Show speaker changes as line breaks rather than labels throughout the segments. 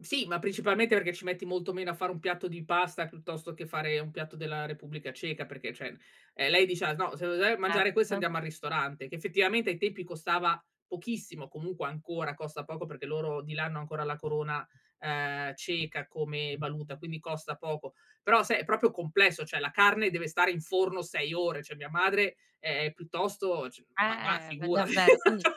Sì, ma principalmente perché ci metti molto meno a fare un piatto di pasta piuttosto che fare un piatto della Repubblica Ceca, perché cioè, ehm, lei diceva: "No se [unintelligible] mangiare questo
Certo.
andiamo al ristorante." Che effettivamente ai tempi costava pochissimo, comunque ancora costa poco perché loro di là hanno ancora la corona, ehm, ceca come valuta, quindi costa poco. Però sai è proprio complesso, cioè la carne deve stare in forno 6 ore, cioè mia madre, ehm, piuttosto c ma va
Eh v
figurati.
davvero. Quindi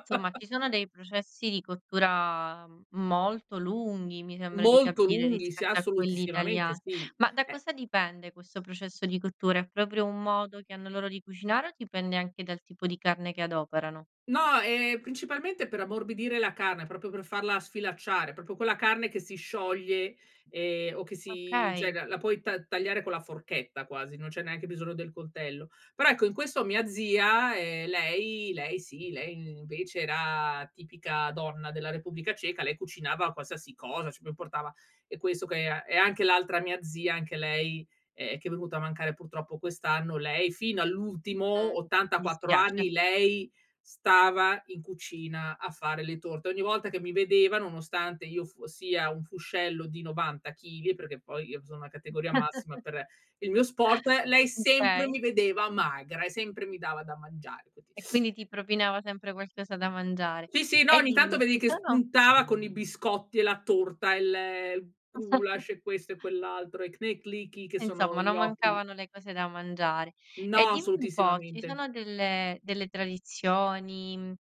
insomma, ci sono dei processi di cottura molto lunghi, mi sembra di
Molto
capire,
lunghi, sì
rispetto a quelli
assolutissimamente
italiani.
sì,
Ma da
eh.
cosa dipende questo processo di cottura, è proprio un modo che hanno loro di cucinare o dipende anche dal tipo di carne che adoperano?
No, ehm, principalmente per ammorbidire la carne, proprio per farla sfilacciare, proprio quella carne che si scioglie e o che si cioè
Okay.
la la puoi ta tagliare con la forchetta quasi, non c'è neanche bisogno del coltello. Però ecco in questo mia zia, ehm, lei lei sì lei invece era tipica donna della Repubblica Ceca, lei cucinava qualsiasi cosa, ci pre portava e questo che e e anche l'altra mia zia anche lei, ehm, che è venuta a mancare purtroppo quest'anno. Lei fino all'ultimo,
Mh, mi
84
dispiace.
anni lei stava in cucina a fare le torte, ogni volta che mi vedeva nonostante io fossi a un fuscello di 90 chili, perché poi io sono una categoria massima per il mio sport, lei sempre
Okay.
mi vedeva magra e sempre mi dava da mangiare, quindi.
E quindi ti
Eh.
propinava sempre qualcosa da mangiare.
Sì, sì, no,
E
ogni tanto
dimmi,
vedevi
ci
che
sono
spuntava con i biscotti e la torta, il gulasch, e questo e quell'altro e knedlíky che sono
Insomma,
i
non
gnocchi.
mancavano le cose da mangiare. E
No,
dimmi un po', ci
assolutissimamente.
sono delle delle tradizioni,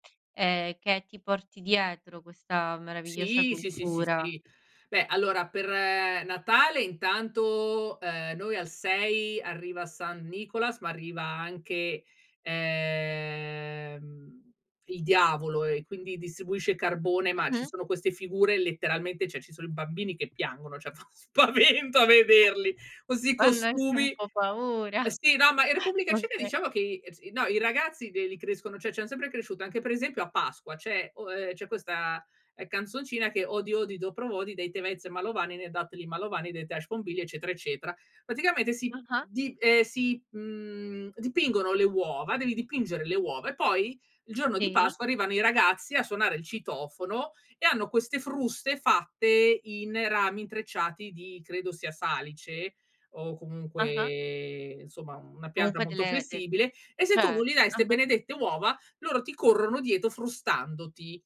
ehm, che ti porti dietro questa meravigliosa
Sì, sì, sì, sì,
cultura?
sì. Beh allora per Natale intanto, ehm, noi al 6 arriva San Nicolas, ma arriva anche, ehm, il diavolo e quindi distribuisce carbone, ma ci
Mh-mh.
sono queste figure letteralmente, cioè ci sono i bambini che piangono, cioè fa spavento a vederli,
[unintelligible]
questi
fanno anche un
costumi.
po' paura.
Sì, no, ma in Repubblica Ceca
Okay.
diciamo che i si no, i ragazzi l li crescono, cioè ci han sempre cresciuto, anche per esempio a Pasqua, c'è o ehm, c'è questa canzoncina che odi odi dopro vodi dei te vez malovani ne datli malovani de tash bombilia eccetera eccetera. Praticamente si
Ah-ah.
di, ehm, si, mhmm, dipingono le uova, devi dipingere le uova e poi il giorno di
Sì.
Pasqua arrivano i ragazzi a suonare il citofono e hanno queste fruste fatte in rami intrecciati di credo sia salice o
Ah-ah.
comunque insomma una pianta
Comunque
molto
delle de de
flessibile e se tu non
certo,
gli dai ste
ah-ah.
benedette uova loro ti corrono dietro frustandoti.